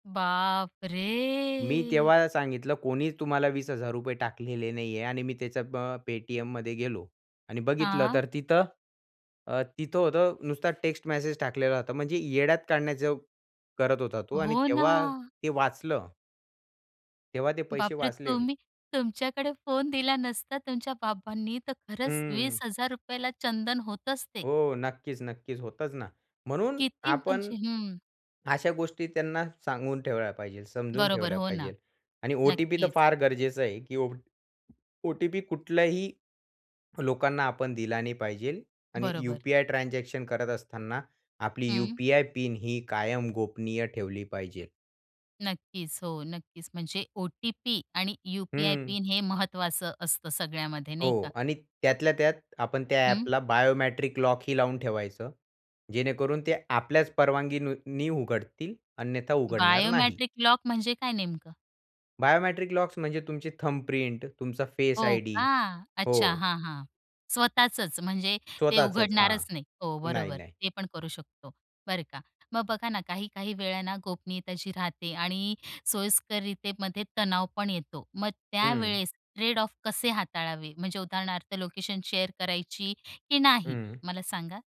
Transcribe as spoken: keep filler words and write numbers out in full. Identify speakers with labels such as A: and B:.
A: मी
B: बापरे!
A: तेव्हा सांगितलं कोणी तुम्हाला वीस हजार रुपये टाकलेले नाहीये आणि मी त्याच्या अ, पे-टी-एममध्ये गेलो. आणि बघितलं
B: हां.
A: तर तिथं अ, तिथं होतं नुसता टेक्स्ट मेसेज टाकलेला होता. म्हणजे येड्यात काढण्याचं करत होता तो आणि
B: हो
A: तेव्हा
B: ना.
A: ते वाचलं. तेव्हा ते पैसे
B: बापरे,
A: वाचले.
B: तुम्ही तुमच्याकडे फोन दिला नसता तुमच्या बाबांनी तर खरंच वीस
A: हं.
B: हजार रुपये ला चंदन होतच ते.
A: हो, नक्कीच, नक्कीच होतच ना. म्हणून
B: किती
A: आपण
B: म्हणजे हं.
A: अशा गोष्टी त्यांना सांगून ठेवल्या पाहिजे समजून
B: बरोबर,
A: ठेवल्या
B: हो ना,
A: पाहिजेल आणि ओ-टी-पी तर
B: नक्कीच.
A: फार गरजेचं आहे, की ओ ओ-टी-पी कुठलंही लोकांना आपण दिला नाही पाहिजेल आणि
B: बरोबर.
A: यू-पी-आय ट्रान्झॅक्शन करत असताना आपली
B: हं.
A: यू-पी-आय पिन ही कायम गोपनीय ठेवली पाहिजेल.
B: नक्कीच, हो, नक्कीच म्हणजे ओ-टी-पी आणि यू-पी-आय
A: हं.
B: पिन हे महत्त्वाचं असतं सगळ्यामध्ये
A: हो
B: नाही का.
A: आणि
B: [unintelligible]
A: त्यातल्या त्यात आपण त्या
B: हं.
A: ॲपला बायोमॅट्रिक लॉक ही लावून ठेवायचं. जेणेकरून ते आपल्याच परवानगीनी उघडतील अन्यथा उघडणार नाही.
B: बायोमट्रिक लॉक म्हणजे काय नेमकं?
A: बायोमट्रिक लॉक्स म्हणजे तुमची थंब प्रिंट तुमचा फेस
B: हो
A: आयडी
B: का.
A: हो.
B: अच्छा हां, हां, स्वतःचच म्हणजे ते
A: स्वतःचच हां,
B: उघडणारच नाही. हो,
A: नाही,
B: बरोबर.
A: नाही.
B: ते पण करू शकतो बरं का. मग बघा ना काही-काही वेळ ना गोपनीयता जी राहते आणि सोयीस्कररितेमध्ये तणाव पण येतो. मग
A: हं.
B: त्यावेळेस ट्रेड ऑफ कसे हाताळावे म्हणजे उदाहरणार्थ लोकेशन शेअर करायची की नाही
A: हं.
B: मला सांगा?